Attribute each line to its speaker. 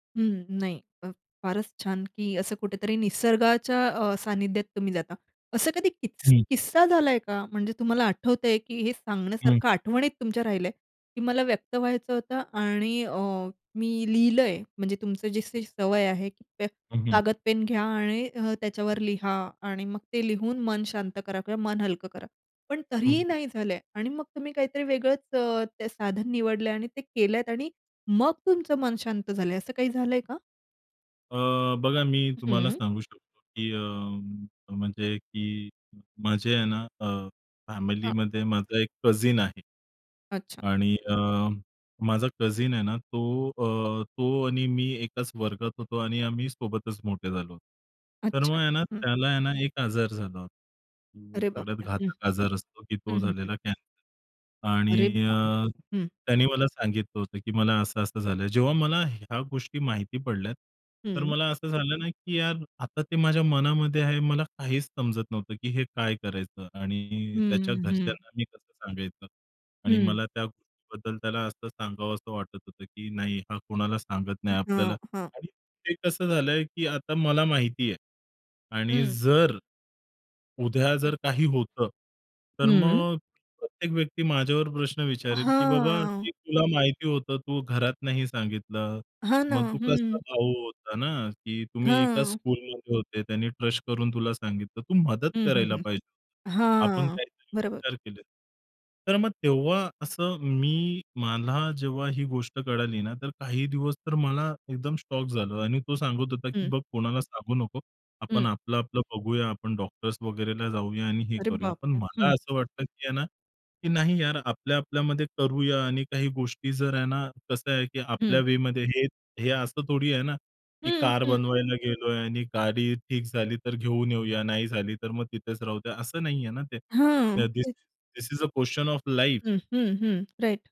Speaker 1: हं. नाही. फ फारच छान, की असं कुठेतरी निसर्गाच्या अ, सानिध्यात तुम्ही जाता. असं कधी की
Speaker 2: हं.
Speaker 1: किस्सा झालाय का? म्हणजे तुम्हाला आठवतंय, की हे
Speaker 2: हं.
Speaker 1: सांगण्यासारखं आठवणीत तुमच्या राहिलंय, की मला व्यक्त व्हायचं होतं आणि अ, मी लिहिलंय. म्हणजे तुमचं जशी सवय आहे पे
Speaker 2: हं, हं.
Speaker 1: कागद-पेन घ्या आणि अ, त्याच्यावर लिहा आणि मग ते लिहून मन शांत करा किंवा मन हलकं करा. पण
Speaker 2: हं,
Speaker 1: तरीही
Speaker 2: हं.
Speaker 1: नाही झालं आहे आणि मग तुम्ही काहीतरी वेगळंच ते साधन निवडलंय आणि ते केलत आणि मग तुमचं मन शांत झालंय असं काही झालंय का?
Speaker 2: अ, बघा मी तुम्हाला
Speaker 1: हं.
Speaker 2: सांगू शकतो, की अ, म्हणजे की माझे आहे ना अ,
Speaker 1: हां.
Speaker 2: फॅमिलीमध्ये माझा एक कझिन आहे.
Speaker 1: अच्छा.
Speaker 2: आणि अ, माझा कझिन आहे ना तो अ, तो आणि मी एकाच वर्गात होतो आणि आम्ही सोबतच मोठे झालो. तर मग
Speaker 1: अच्छा.
Speaker 2: आहे ना
Speaker 1: हं.
Speaker 2: त्याला आहे ना एक आजार झाला होता. अ,
Speaker 1: अरे बाप
Speaker 2: सगळ्यात
Speaker 1: रे! हं,
Speaker 2: घातक आजार असतो की तो
Speaker 1: हं, हं, हं.
Speaker 2: झालेला कॅन्सर
Speaker 1: अरे
Speaker 2: आणि
Speaker 1: बाबा!
Speaker 2: अ,
Speaker 1: हं.
Speaker 2: त्याने मला सांगितलं होतं, की मला असं-असं झालंय. जेव्हा मला ह्या गोष्टी माहिती पडल्यात, तर
Speaker 1: हं.
Speaker 2: मला असं झालं ना, की यार आता ते माझ्या मनामध्ये आहे. मला काहीच समजत नव्हतं, की हे काय करायचं आणि त्याच्या
Speaker 1: हं, हं.
Speaker 2: घरच्यांना मी कसं सांगायचं. आणि
Speaker 1: हं.
Speaker 2: मला त्या गोष्टीबद्दल त्याला असं सांगावसं वाटत होतं, की नाही हा कोणाला सांगत नाही आपल्याला.
Speaker 1: हां, हां.
Speaker 2: आणि ते कसं झालंय, की आता मला माहिती आहे. आणि
Speaker 1: हं.
Speaker 2: जर उद्या
Speaker 1: हं.
Speaker 2: जर काही होतं. तर
Speaker 1: हं.
Speaker 2: मग प्रत्येक व्यक्ती माझ्यावर प्रश्न विचारेल, की "बाबा
Speaker 1: हां.
Speaker 2: हे तुला माहिती होतं. तू घरात नाही सांगितलं.
Speaker 1: हां ना.
Speaker 2: मग तू कसा
Speaker 1: हं.
Speaker 2: भाऊ होता ना? की तुम्ही एका
Speaker 1: हं.
Speaker 2: स्कूलमध्ये होते, त्यांनी ट्रस्ट करून तुला सांगितलं. तू मदत
Speaker 1: हं, हं,
Speaker 2: करायला
Speaker 1: हं.
Speaker 2: पाहिजे." आपण
Speaker 1: हां.
Speaker 2: काहीतरी
Speaker 1: बरोबर.
Speaker 2: विचार केले. तर मग तेव्हा असं मी मला जेव्हा ही गोष्ट कळाली ना तर काही दिवस तर मला एकदम शॉक झालं आणि तो सांगत होता, की
Speaker 1: हं.
Speaker 2: "बघ कोणाला सांगू नको.
Speaker 1: हं.
Speaker 2: आपण आपलं, आपलं बघूया. आपण डॉक्टर्स वगैरेला जाऊया आणि हे
Speaker 1: अरे
Speaker 2: करूया."
Speaker 1: बाप
Speaker 2: पण
Speaker 1: रे!
Speaker 2: मला
Speaker 1: हं.
Speaker 2: असं वाटतं, की आहे ना की नाही यार आपल्या, आपल्यामध्ये करूया आणि काही गोष्टी जर आहे ना कसं आहे, की आपल्या
Speaker 1: हं.
Speaker 2: वेमध्ये हे हे असं थोडी आहे ना की
Speaker 1: हं,
Speaker 2: कार
Speaker 1: हं.
Speaker 2: बनवायला गेलोय आणि गाडी ठीक झाली तर घेऊन येऊया. नाही झाली तर मग तिथेच राहू द्या. असं नाहीये ना ते.
Speaker 1: हं.
Speaker 2: धीस
Speaker 1: तेच.
Speaker 2: This is uh, question of life.
Speaker 1: हं, हं, हं. राइट.